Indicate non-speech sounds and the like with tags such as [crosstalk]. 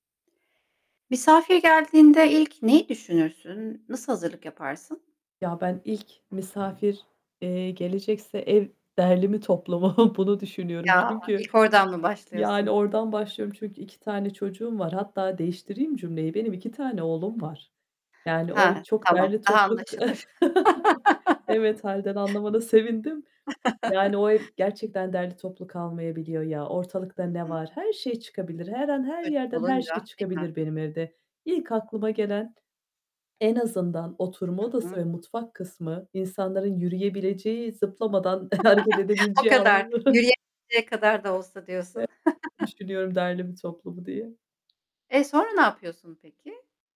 Misafir geldiğinde ilk neyi düşünürsün? Nasıl hazırlık yaparsın? a, ben ilk misafir, eee, gelecekse "ev derli mi, toplu mu?" [chuckles] bunu düşünüyorum Ya, çünkü, ilk oradan mı yani, başlıyorsun? oradan başlıyorum çünkü 2 tane çocuğum var. Hatta değiştireyim cümleyi. Benim 2 tane oğlum var, yani, o ev He. çok Tamam. derli Daha toplu k anlaşılır. [chuckles] Evet hâlden [laughs] anlamana sevindim, yani, [chuckles] o ev gerçekten derli toplu kalmayabiliyor ya. Ortalıkta Hıı. ne Hıh. var? Her şey çıkabilir. Her an, her Çocuk yerden, her olunca şey değil mi? çıkabilir benim evde. İlk aklıma gelen: en azından oturma Hı hı. odası ve mutfak kısmı insanların yürüyebileceği, zıplamadan hareket [laughs] O edebileceği kadar alanları yürüyemeyecek kadar da olsa diyorsun. [unintelligible] [chuckles] "Düşünüyorum derli mi, toplu mu?" diye. E, sonra ne yapıyorsun peki?